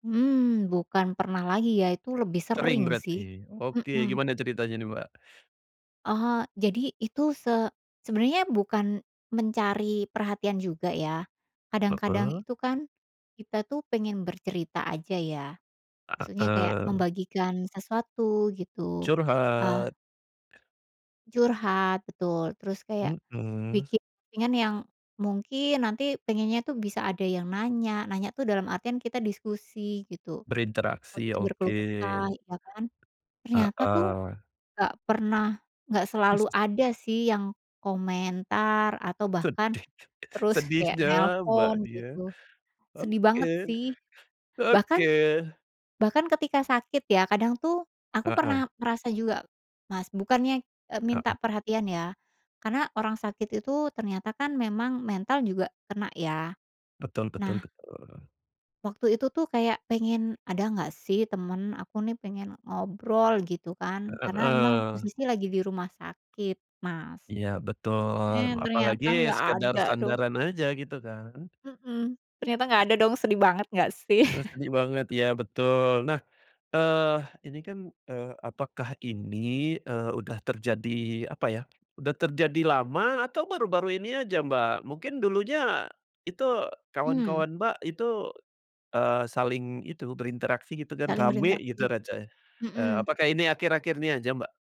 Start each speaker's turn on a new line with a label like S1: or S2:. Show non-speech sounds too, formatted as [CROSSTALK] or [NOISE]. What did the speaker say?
S1: Mmm, bukan pernah lagi ya itu lebih
S2: Sering
S1: sering sih,
S2: berarti? Oke
S1: mhm.
S2: gimana ceritanya nih Mbak?
S1: Oh jadi itu se sebenarnya bukan, mencari perhatian juga ya, kadang-kadang
S2: Heeh.
S1: itu kan, kita tuh pengen bercerita aja ya, maksudnya kayak
S2: Heeh.
S1: membagikan sesuatu gitu, eee
S2: Curhat.
S1: Curhat betul, terus kayak,
S2: Mhm.
S1: bikin posting-an yang mungkin nanti pengennya itu bisa ada yang nanya, nanya tuh dalam artian kita diskusi gitu,
S2: Berinteraksi,
S1: waktu itu berkeluh
S2: oke.
S1: kesah ya kan, ternyata tuh,
S2: Heeh.
S1: gak pernah gak selalu
S2: [CHUCKLES]
S1: ada sih yang komentar atau bahkan,
S2: Sedih
S1: terus kayak
S2: sedihnya
S1: nelpon
S2: Mbaknya,
S1: gitu, sedih
S2: oke,
S1: banget sih,
S2: oke.
S1: bahkan, bahkan bahkan ketika sakit ya kadang tuh aku
S2: Heeh.
S1: pernah ngerasa juga, Mas bukannya, eee,
S2: Heeh.
S1: minta perhatian ya, karena orang sakit itu ternyata kan memang mental juga kena ya,
S2: Betul betul
S1: nah
S2: betul.
S1: waktu itu tuh kayak pengen, "Ada nggak sih temen aku nih pengen ngobrol" gitu kan
S2: E
S1: karena memang
S2: heeh
S1: posisi lagi di rumah sakit Mas,
S2: Iya betul,
S1: eh,
S2: apalagi
S1: ternyata nggak
S2: sekedar
S1: ada dong.
S2: sandaran aja gitu kan.
S1: Mhm, ternyata gak
S2: [SNORTS]
S1: ada dong sedih banget gak sih?
S2: Duh
S1: [CHUCKLES]
S2: sedih banget iya betul. Nah, eee, ini kan, eee, apakah ini, eee, udah terjadi apa ya, udah terjadi lama atau baru-baru ini aja Mbak mungkin dulunya, itu
S1: Mmm.
S2: kawan-kawan Mbak itu, eee, saling itu berinteraksi gitu dan
S1: Saling
S2: ramai
S1: berinteraksi,
S2: gitu, racanya eee,
S1: mhm.
S2: apakah ini akhir-akhir ini aja Mbak?